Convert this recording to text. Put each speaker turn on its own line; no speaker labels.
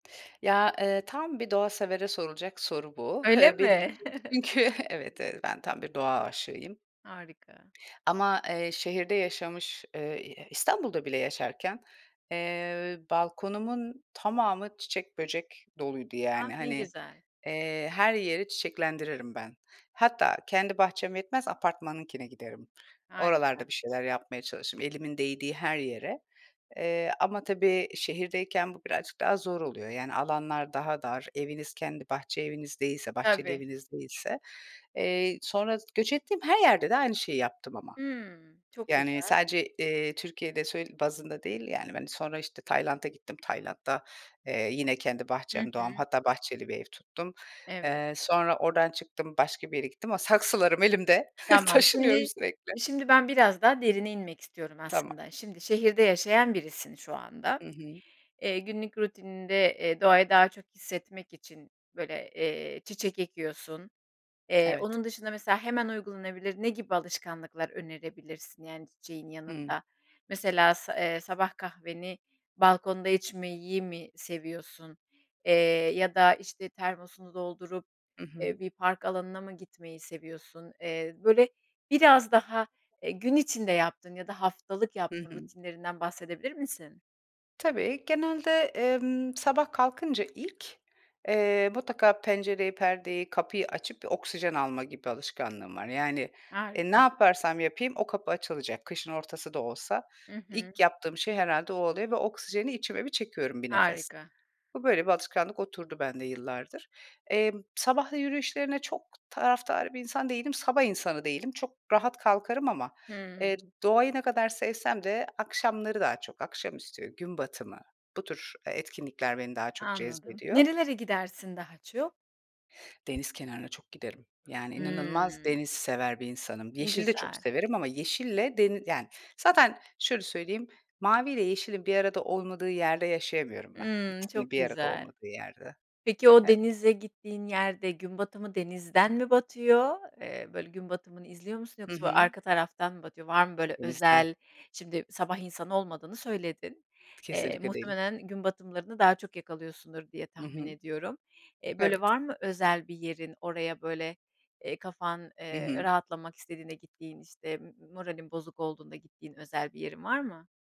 Ya, eee, tam bir doğasevere sorulacak soru bu. Hı
Öyle
hı, benim
mi?
için. [unintelligible] Evet, eee, ben tam bir doğa aşığıyım.
Harika.
Ama, eee, şehirde yaşamış, eee, ı e İstanbul'da bile yaşarken, eee, balkonumun tamamı çiçek, böcek doluydu,
Ah,
yani.
ne
Hani,
güzel.
eee, her yeri çiçeklendiririm ben. Hatta, kendi bahçem yetmez, apartmanınkine giderim.
Harika.
Oralarda bir şeyler yapmaya çalışırım, elimin değdiği her yere. Eee, ama tabii şehirdeyken bu birazcık daha zor oluyor. Yani, alanlar daha dar. Eviniz kendi bahçe eviniz değilse, bahçeli
Tabii.
eviniz değilse. Eee, sonra s göç ettiğim her yerde de aynı şeyi yaptım ama.
Hımm, çok
Yani,
güzel.
sadece, eee, Türkiye'de sö bazında değil, yani. Hani, sonra işte Tayland'a gittim. Tayland'da, eee, yine, kendi
Hı
bahçem, doğam,
hı.
hatta bahçeli bir ev tuttum.
Evet.
Eee, sonra oradan çıktım, başka bir yere gittim ama saksılarım elimde,
Tamam,
taşınıyorum
şimdi,
sürekli.
şimdi, ben biraz daha derine inmek istiyorum
Tamam.
aslında. Şimdi, şehirde yaşayan birisin şu anda.
Hı hı.
Eee, günlük rutininde, eee, doğayı daha çok hissetmek için, böyle, eee, çiçek ekiyorsun. Eee,
Evet.
onun dışında mesela hemen uygulanabilir ne gibi alışkanlıklar önerebilirsin? Yani, çiçeğin
Hıı.
yanında, mesela sa eee, sabah kahveni balkonda içmeyi mi seviyorsun, eee, ya da işte termosunu doldurup,
Hı
eee,
hı.
bir park alanına mı gitmeyi seviyorsun? Eee, böyle, biraz daha, eee, gün içinde yaptığın ya da haftalık
Hı
yaptığın
hı.
rutinlerinden bahsedebilir misin?
Tabii, genelde, emm, sabah kalkınca ilk, eee, mutlaka pencereyi, perdeyi, kapıyı açıp bir oksijen alma gibi alışkanlığım var. Yani, eee, ne
Harika.
yaparsam yapayım o kapı açılacak, kışın ortası da olsa.
Hı hı.
İlk yaptığım şey herhâlde o oluyor ve oksijeni içime bir çekiyorum, bir nefes.
Harika.
Bu böyle bir alışkanlık oturdu bende yıllardır. Emm, sabah yü yürüyüşlerine çok taraftar bir insan değilim. Sabah insanı değilim. Çok rahat kalkarım ama,
Hıı.
eee, doğayı ne kadar sevsem de akşamları, daha çok akşamüstü, gün batımı... Bu tür, eee, etkinlikler beni daha çok
Anladım.
cezbediyor.
Nerelere gidersin daha çok?
Deniz kenarına çok giderim. Yani, inanılmaz
Hımm.
deniz sever bir insanım.
Ne
Yeşili de çok
güzel.
severim ama yeşille deni yani, zaten şöyle söyleyeyim, mavi ile yeşilin bir arada olmadığı yerde yaşayamıyorum ben.
Hımm,
İkisinin
çok
bir arada
güzel.
olmadığı yerde.
Peki o
E
denize gittiğin yerde gün batımı denizden mi batıyor, eee, böyle, gün batımını izliyor musun
Hı
yoksa
hı.
arka taraftan mı batıyor? Var mı, böyle,
Denizden.
özel? Şimdi sabah insanı olmadığını söyledin. Eee,
Kesinlikle değilim.
muhtemelen gün batımlarını daha çok yakalıyorsundur diye
Hı
tahmin
hı.
ediyorum. Eee, böyle,
Evet.
var mı özel bir yerin? Oraya, böyle, eee, kafan,
Hı
eee,
hı.
rahatlamak istediğinde gittiğin, işte m moralin bozuk olduğunda gittiğin özel bir yerin var mı?